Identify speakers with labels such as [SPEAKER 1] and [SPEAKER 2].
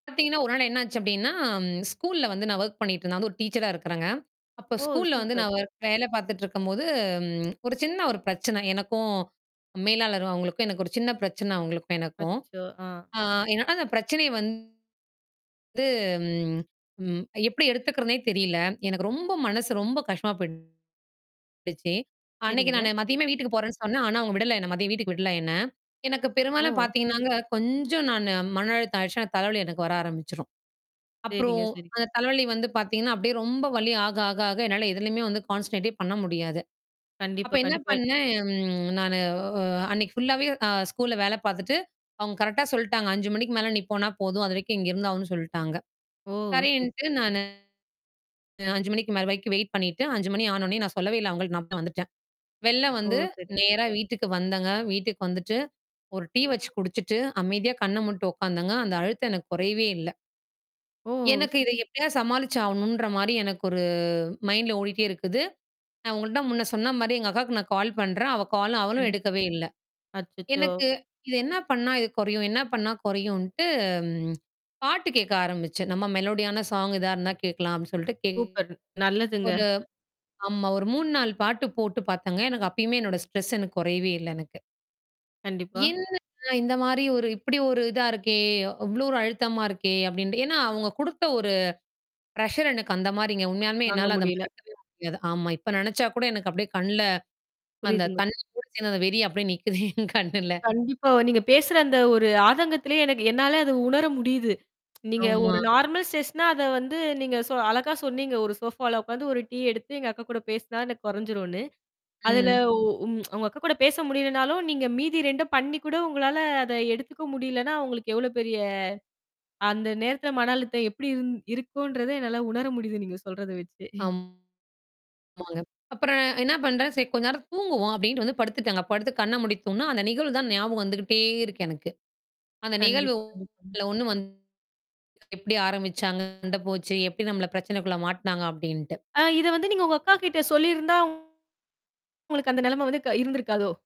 [SPEAKER 1] பாத்தீங்கன்னா ஒருநாள் என்ன ஆச்சு அப்படின்னா, ஸ்கூல்ல வந்து நான் வொர்க் பண்ணிட்டு இருந்தேன். நான் வந்து ஒரு டீச்சர்ரா இருக்குறேங்க. அப்ப
[SPEAKER 2] ஓ!
[SPEAKER 1] ஸ்கூல்ல வந்து
[SPEAKER 2] சூப்பர்.
[SPEAKER 1] நான் வொர் வேலை பாத்துட்டு இருக்கும்போது, ஒரு சின்ன ஒரு பிரச்சனை. எனக்கும் மேலாளர் அவங்களுக்கும் எனக்கும் ஒரு சின்ன பிரச்சன, அவங்களுக்கும் எனக்கும்.
[SPEAKER 2] அச்சச்சோ! அ.
[SPEAKER 1] அ ஏன்னா அந்தப் பிரச்சனையை வந்து, ம் எப்படி எடுத்துக்கறதுன்னே தெரியல. எனக்கு ரொம்ப மனசு ரொம்ப கஷ்டமா போயிடுச்சு. அன்னைக்கு
[SPEAKER 2] சரிங்க.
[SPEAKER 1] நானு மதியமே வீட்டுக்குப் போறேன்னு சொன்னேன். ஆனா அவங்க விடல என்ன. மதியம் வீட்டுக்கு விடல என்ன. எனக்கு பெரும்பாலும்
[SPEAKER 2] ஓ.
[SPEAKER 1] பார்த்தீங்கன்னாங்க, கொஞ்சம் நான் மன அழுத்தம் ஆயிடுச்சுனா, தலை வலி எனக்கு வர ஆரம்பிச்சிடும்.
[SPEAKER 2] சரிங்க,
[SPEAKER 1] அப்புறம்
[SPEAKER 2] சரி.
[SPEAKER 1] அந்தத் தலை வலி வந்து பாத்தீங்கன்னா அப்படியே, ரொம்ப வலி ஆக, ஆக, ஆக என்னால எதுலயுமே வந்து கான்சன்ட்ரேட்டே பண்ண முடியாது. அப்ப
[SPEAKER 2] கண்டிப்பா,
[SPEAKER 1] என்ன
[SPEAKER 2] கண்டிப்பா.
[SPEAKER 1] பண்ணேன்? நானு அன்னைக்கு ஃபுல்லாவே அ ஸ்கூல்ல வேலை பாத்துட்டு அவங்க கரெக்ட்டா சொல்டாங்க. 5:00 மணிக்கு மேல நீ போனா போதும். அதுவரைக்கும் இங்க இருந்தாகனுன்னு சொல்டாங்க.
[SPEAKER 2] ஓ! சரி.
[SPEAKER 1] சரின்ட்டு நானு 5:00 மணிக்கு மேல வரைக்கும் வெயிட் பண்ணிட்டு, 5:00 மணி ஆன உடனே நான் சொல்லவே இல்ல அவங்களுக்கு. நான் பா வந்துட்டேன். வெளில
[SPEAKER 2] ஓ,
[SPEAKER 1] வந்து,
[SPEAKER 2] சரிங்
[SPEAKER 1] நேரா வீட்டுக்கு வந்தேங்க. வீட்டுக்கு வந்துட்டு, ஒரு டீ வச்சி குடிச்சிட்டு, அமைதியா கண்ண மூடிட்டு உக்காந்தேங்க. அந்த அழுத்தம் எனக்குக் கொறையவே இல்ல.
[SPEAKER 2] ஓ.
[SPEAKER 1] எனக்கு இத எப்படியாவது சமாளிச்சு ஆகணும்ன்ற மாரி எனக்கு ஒரு மைண்ட்ல ஓடிட்டே இருக்குது. நான் உங்கள்ட்ட முன்ன சொன்ன மாரி எங்கக்காக்கு நான் கால் பண்றேன். அவ கால் அவளும்
[SPEAKER 2] கண்டிப்
[SPEAKER 1] எடுக்கவே இல்ல.
[SPEAKER 2] அச்சச்சோ!
[SPEAKER 1] எனக்கு இது என்னா பண்ணா இது கொறையும்? என்ன பண்ணா குறையும்ன்ட்டு பாட்டு கேக்க ஆரம்பிச்சேன். நம்ம மெலோடி ஆன சாங் ஏதாவது இருந்தா கேட்கலாம் அப்படின்னு சொல்லிட்டு, கேக்
[SPEAKER 2] சூப்பர்! நல்லதுங்க.
[SPEAKER 1] ஒரு ஆமா. ஒரு 3, 4 பாட்டு போட்டுப் பாத்தேன்ங்க. எனக்கு அப்பயுமே, என்னோட ஸ்ட்ரெஸ் எனக்குக் குறையவே இல்ல எனக்கு.
[SPEAKER 2] கண்டிப்பா.
[SPEAKER 1] என்ன இந்த மாரி ஒரு, இப்படி ஒரு இதா இருக்கே, அவ்வளோ ஒரு அழுத்தமா இருக்கே அப்படின்ட்டு. ஏனா, அவங்க குடுத்த ஒரு ப்ரெஸ்ஸர் எனக்கு அந்த மாரிங்க. உண்மையாலுமே
[SPEAKER 2] வாங்க
[SPEAKER 1] என்னால அதை
[SPEAKER 2] முடியல.
[SPEAKER 1] மறக்கவே முடியாது. ஆமா, இப்ப நெனச்சாக்கூட எனக்கு அப்படியே கண்ணுல அந்தத்
[SPEAKER 2] புரியுதுங்க. பு
[SPEAKER 1] தண்ணி [unintelligible] அந்த வெறி அப்படியே நிக்குது, எங் கண்ணுல.
[SPEAKER 2] கண்டிப்பா. நீங்கப் பேசுற அந்த ஒரு ஆதங்கத்துலயே எனக்கு என்னால அத உணர முடியுது. நீங்க ஒரு
[SPEAKER 1] ஆமா.
[SPEAKER 2] நார்மல் ஸ்ட்ரெஸ்னா அத வந்து நீங்க ஷோ அழகா சொன்னீங்க. ஒரு ஷோஃபால உக்காந்து, ஒரு டீ எடுத்து எங்க அக்கா கூடப் பேசினா எனக்கு கொறஞ்சிருன்னு. அதுல
[SPEAKER 1] ம்.
[SPEAKER 2] உ உங் உங்கக்கா கூடப் பேச முடியலனாலும், நீங்க மீதி 2ம் பண்ணிக் கூட உங்களால அத எடுத்துக்க முடியலன்னா, உங்களுக்கு எவ்ளோ பெரிய அந்த நேரத்துல மன அழுத்தம் எப்படி இருந் இருக்குன்றத என்னால உணர முடியுது, நீங்கச் சொல்றத வச்சே.
[SPEAKER 1] ஆம்மாங்க. அப்புறம் என்ன பண்றேன், சரி கொஞ்ச நேரம் தூங்குவோம் அப்படீன்ட்டு வந்து படுத்துட்டேங்க. படுத்து கண்ண மூடித் தூங்குனா, அந்த நிகழ்வு தான் ஞாபகம் வந்துகிட்டே இருக்கு எனக்கு. அந்த நிகழ்வு
[SPEAKER 2] கண்டிப்பா, கண்டிப்பா.
[SPEAKER 1] ஒண்ணு வந்து எப்படி ஆரம்பிச்சாங்க? எங்க போச்சு? எப்படி நம்மள பிரச்சனைக்குள்ள மாட்டுனாங்க? அப்படீன்ட்டு.
[SPEAKER 2] அ இத வந்து நீங்க உங்க அக்காகிட்ட சொல்லி இருந்தா, உங்களுக்கு அந்த நெலம வந்து க இருந்திருக்காதோ?